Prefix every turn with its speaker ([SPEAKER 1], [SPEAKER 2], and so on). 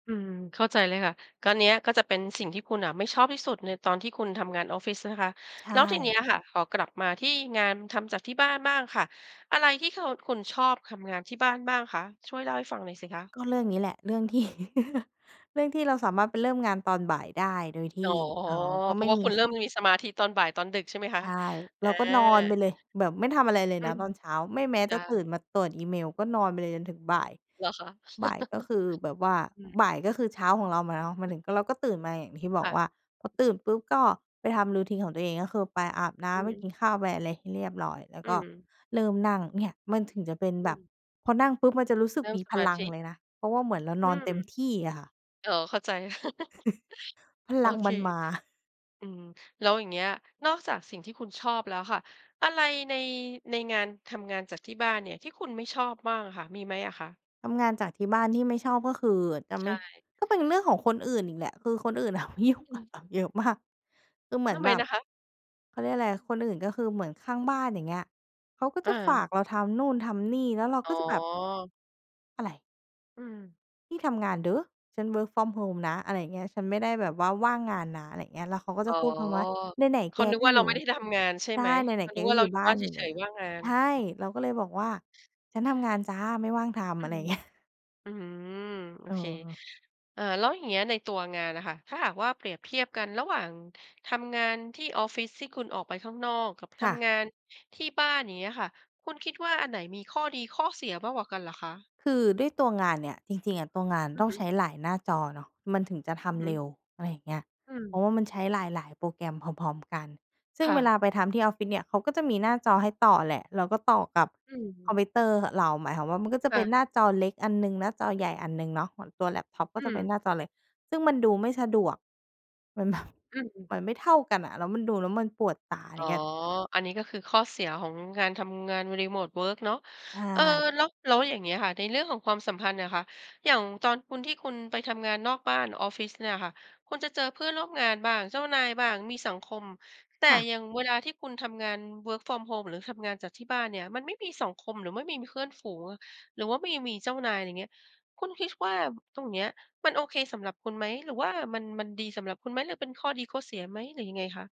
[SPEAKER 1] อืม เข้าใจเลยค่ะ ก็เนี้ย ก็จะเป็นสิ่งที่คุณน่ะไม่ชอบที่สุดในตอนที่คุณทำงานออฟฟิ ใช่ไหมคะ
[SPEAKER 2] ใช
[SPEAKER 1] แล้วทีเนี้
[SPEAKER 2] ่
[SPEAKER 1] ยค่ะ ขอกลับมาที่งานทำจากที่บ้านบ้างค่ะ อะไรที่ ค คุณ ชอบทำงานที่บ้านบ้างคะ? ช่วยเล่าให้ฟังหน่อยสิคะ
[SPEAKER 2] ก็เรื่องนี้แหละ เรื่อง ที่ เรื่องที่เราสามารถไปเริ่มงานตอนบ่ายได้ โดยท
[SPEAKER 1] อ๋
[SPEAKER 2] ี
[SPEAKER 1] อ
[SPEAKER 2] ่ อ้าว ก็
[SPEAKER 1] เพร
[SPEAKER 2] ไ
[SPEAKER 1] า
[SPEAKER 2] ม่
[SPEAKER 1] ะ ว่า
[SPEAKER 2] มี
[SPEAKER 1] คุณมีเ
[SPEAKER 2] ค
[SPEAKER 1] ริ่มมีสมาธิตอนบ่าย ตอนดึก ใช่ไหมค
[SPEAKER 2] ใ
[SPEAKER 1] ะ?
[SPEAKER 2] ช่
[SPEAKER 1] อ
[SPEAKER 2] เร
[SPEAKER 1] า
[SPEAKER 2] าก็นอนไปเลย แบบไม่ทำอะไรเลย
[SPEAKER 1] อื
[SPEAKER 2] นะ
[SPEAKER 1] ม
[SPEAKER 2] ตอนเช้า ไม่แม้
[SPEAKER 1] จ
[SPEAKER 2] จะ
[SPEAKER 1] า
[SPEAKER 2] ตื่นมาตรวจอีเมล ก็นอนไปเลยจนถึงบ่าย
[SPEAKER 1] เหรอคะ?
[SPEAKER 2] บ่ายก็คือแบบว่า
[SPEAKER 1] อืม
[SPEAKER 2] บ่ายก็คือเช้าของเรามาแล้ว มา
[SPEAKER 1] ฮ
[SPEAKER 2] ถึงก็ เราก็ตื่นมา อย่างที่บ
[SPEAKER 1] ค
[SPEAKER 2] อก
[SPEAKER 1] ่
[SPEAKER 2] ว่า
[SPEAKER 1] ะ
[SPEAKER 2] พอตื่นปุ๊บก็ไปทำ routine ของตัวเอง ก็คือไปอาบน้
[SPEAKER 1] อือ
[SPEAKER 2] ำ ไป
[SPEAKER 1] ฮึ
[SPEAKER 2] กินข้าว ไป อะไรให้เรียบร้อย แล้ว
[SPEAKER 1] อื
[SPEAKER 2] ก็
[SPEAKER 1] ม
[SPEAKER 2] เริ่มนั่ง เนี่ย! มันถึงจะเป็น
[SPEAKER 1] อ
[SPEAKER 2] แบ
[SPEAKER 1] ื
[SPEAKER 2] บ
[SPEAKER 1] ม
[SPEAKER 2] พอนั่งปุ๊บ มันจะรู้สึ
[SPEAKER 1] เร
[SPEAKER 2] ก
[SPEAKER 1] ิ่ม
[SPEAKER 2] มี
[SPEAKER 1] ส
[SPEAKER 2] พ
[SPEAKER 1] มา
[SPEAKER 2] ลั
[SPEAKER 1] ธ
[SPEAKER 2] ง
[SPEAKER 1] ิ
[SPEAKER 2] เลยนะ เพราะว่าเหมือน เราน
[SPEAKER 1] อื
[SPEAKER 2] อนเต็ม
[SPEAKER 1] ม
[SPEAKER 2] ที่อะค่ะ
[SPEAKER 1] อ๋อ เข้าใจ
[SPEAKER 2] พ
[SPEAKER 1] โอ
[SPEAKER 2] ลัง
[SPEAKER 1] เค
[SPEAKER 2] มันมา
[SPEAKER 1] อืม แล้วอย่างเงี้ย นอกจากสิ่งที่คุณชอบแล้วค่ะ อะไรใน ในงาน ทำงานจากที่บ้านเนี่ย ที่คุณไม่ชอบบ้างอะค่ะ มีไหมอะคะ?
[SPEAKER 2] ทำงานจากที่บ้าน ที่ไม่ชอบก็คือ อา จะ
[SPEAKER 1] ใช
[SPEAKER 2] ไม่
[SPEAKER 1] ่
[SPEAKER 2] ก็เป็นเรื่องของคนอื่นอีกแหละ คือคนอื่น น่ะมายุ่ง
[SPEAKER 1] อื
[SPEAKER 2] ก
[SPEAKER 1] ม
[SPEAKER 2] ับเรา เยอะ มาก คือเหมื
[SPEAKER 1] ท
[SPEAKER 2] อ
[SPEAKER 1] ำ
[SPEAKER 2] น
[SPEAKER 1] ไม
[SPEAKER 2] แบบ
[SPEAKER 1] นะคะ?
[SPEAKER 2] เขาเรียกอะไร คนอื่น ก็คือเหมือนข้างบ้าน อย่างเงี้ย เขาก็
[SPEAKER 1] อ
[SPEAKER 2] จะฝ
[SPEAKER 1] า
[SPEAKER 2] ากเราทำนู่นทำนี่ แล้วเรา
[SPEAKER 1] อ๋
[SPEAKER 2] ก็จะแบบ
[SPEAKER 1] อ
[SPEAKER 2] "อะไร?"
[SPEAKER 1] อืม
[SPEAKER 2] "นี่ทำงานเด๊อ ฉัน work from home นะ" อะไรอย่างเงี้ย "ฉันไม่ได้แบ
[SPEAKER 1] อือ
[SPEAKER 2] บว่าว่างงานนะ" อะไรเงี้ย แล้วเขาก็
[SPEAKER 1] อ
[SPEAKER 2] จ
[SPEAKER 1] ๋
[SPEAKER 2] ะ
[SPEAKER 1] อ
[SPEAKER 2] พูดคำว่า "ไหน
[SPEAKER 1] เข
[SPEAKER 2] ๆ แ
[SPEAKER 1] า
[SPEAKER 2] ก
[SPEAKER 1] นึก
[SPEAKER 2] ก็
[SPEAKER 1] ว่า
[SPEAKER 2] อ
[SPEAKER 1] เ
[SPEAKER 2] ย
[SPEAKER 1] รา
[SPEAKER 2] ู
[SPEAKER 1] ไ
[SPEAKER 2] ่"
[SPEAKER 1] ม่ได้ทำงานใช่
[SPEAKER 2] ใช
[SPEAKER 1] ไ
[SPEAKER 2] ่"...
[SPEAKER 1] หม?
[SPEAKER 2] ไห
[SPEAKER 1] เข
[SPEAKER 2] น
[SPEAKER 1] า
[SPEAKER 2] ๆ แ
[SPEAKER 1] น
[SPEAKER 2] ก
[SPEAKER 1] ึก
[SPEAKER 2] ก
[SPEAKER 1] ว่
[SPEAKER 2] ็
[SPEAKER 1] า เ
[SPEAKER 2] อ
[SPEAKER 1] ร
[SPEAKER 2] ย
[SPEAKER 1] า
[SPEAKER 2] ู่
[SPEAKER 1] อยู่
[SPEAKER 2] บ้
[SPEAKER 1] บ
[SPEAKER 2] า
[SPEAKER 1] ้า
[SPEAKER 2] น
[SPEAKER 1] นเ
[SPEAKER 2] อยู่
[SPEAKER 1] ฉ
[SPEAKER 2] แล
[SPEAKER 1] ย
[SPEAKER 2] ้ว"
[SPEAKER 1] ๆ ว่างงาน
[SPEAKER 2] ใช่
[SPEAKER 1] อืม
[SPEAKER 2] เราก็เลยบอกว่า "ฉันทำงานจ้ะ ไม่ว่างทำ"
[SPEAKER 1] อื
[SPEAKER 2] อะไร
[SPEAKER 1] ม
[SPEAKER 2] เงี้ย
[SPEAKER 1] อื้อฮือ โอ
[SPEAKER 2] เ
[SPEAKER 1] เค
[SPEAKER 2] ออ
[SPEAKER 1] เอ่อ แล้วอย่างเงี้ยในตัวงานน่ะค่ะ ถ้าหากว่าเปรียบเทียบกันระหว่างทำงานที่ออฟฟิศ ที่คุณออกไปข้างนอก กับ
[SPEAKER 2] ค
[SPEAKER 1] ท
[SPEAKER 2] ่ะ
[SPEAKER 1] ำงานที่บ้าน อย่างเงี้ยค่ะ คุณคิดว่าอันไหนมีข้อดีข้อเสียมากกว่ากันเหรอคะ?
[SPEAKER 2] คือด้วยตัวงานเนี่ย จริง ๆ อะ ตัวงาน
[SPEAKER 1] อื
[SPEAKER 2] ต
[SPEAKER 1] อ
[SPEAKER 2] ้อ
[SPEAKER 1] ฮ
[SPEAKER 2] ง
[SPEAKER 1] ึ
[SPEAKER 2] ใช้หลายหน้าจอเนาะ มันถึงจะท
[SPEAKER 1] อือฮ
[SPEAKER 2] ำ
[SPEAKER 1] ึ
[SPEAKER 2] เร็ว อะไรอย่างเงี้ย
[SPEAKER 1] อื
[SPEAKER 2] เพรา
[SPEAKER 1] ม
[SPEAKER 2] ะว่ามันใช้หลาย ๆ โปรแกรมพร้อม ๆ กัน ซึ่
[SPEAKER 1] ค
[SPEAKER 2] ง
[SPEAKER 1] ่
[SPEAKER 2] เวล
[SPEAKER 1] ะ
[SPEAKER 2] าไปทำที่ออฟฟิศเนี่ย เขาก็จะมีหน้าจอให้ต่อแหละ เราก็ต่อกับ
[SPEAKER 1] อื้อฮื
[SPEAKER 2] ค
[SPEAKER 1] อ
[SPEAKER 2] อมพิวเตอร์ ห เรา หมายความว่ามันก็จะ
[SPEAKER 1] ค่
[SPEAKER 2] เป็น
[SPEAKER 1] ะ
[SPEAKER 2] หน้าจอเล็กอันหนึ่ง หน้าจอใหญ่อันหนึ่งเนาะ ของตัวแล็ปท็อปก็
[SPEAKER 1] อื
[SPEAKER 2] จะเป็น
[SPEAKER 1] ม
[SPEAKER 2] หน้าจอเล็ก ซึ่งมันดูไม่สะดวก มัน แบบ
[SPEAKER 1] อื้อฮือ
[SPEAKER 2] มันไม่เท่ากันน่ะ แล้วมันดูแล้วมันปวดตา
[SPEAKER 1] อ
[SPEAKER 2] อ
[SPEAKER 1] ๋
[SPEAKER 2] ย
[SPEAKER 1] อ
[SPEAKER 2] ่างเงี้ย
[SPEAKER 1] อัน นี้ก็คือข้อเสียของงานทำงานบน รีโมตเวิร์ก เนาะ
[SPEAKER 2] ใช
[SPEAKER 1] เออ
[SPEAKER 2] ่
[SPEAKER 1] แล้ว แล้วอย่างเงี้ยค่ะ ในเรื่องของความสัมพันธ์น่ะค่ะ อย่างตอนคุณ ที่คุณไปทำงานนอกบ้าน ออฟฟิศเนี่ยค่ะ คุณจะเจอเพื่อนร่วมงานบ้าง เจ้านายบ้าง มีสังคม แต่
[SPEAKER 2] ค่ะ
[SPEAKER 1] อย่างเวลาที่คุณทำงาน work from home หรือทำงานจากที่บ้านเนี่ย มันไม่มีสังคม หรือไม่มี มีเพื่อนฝูงอะ หรือว่ามี มีเจ้านาย อะไรเงี้ย คุณคิด บ ว่า ตรงเนี้ยมัน โอเคสำหรับคุณไหม หรือว่ามัน มันดีสำหรับคุณไหม หรือเป็นข้อดีข้อเสียไหม หรือยังไงคะ?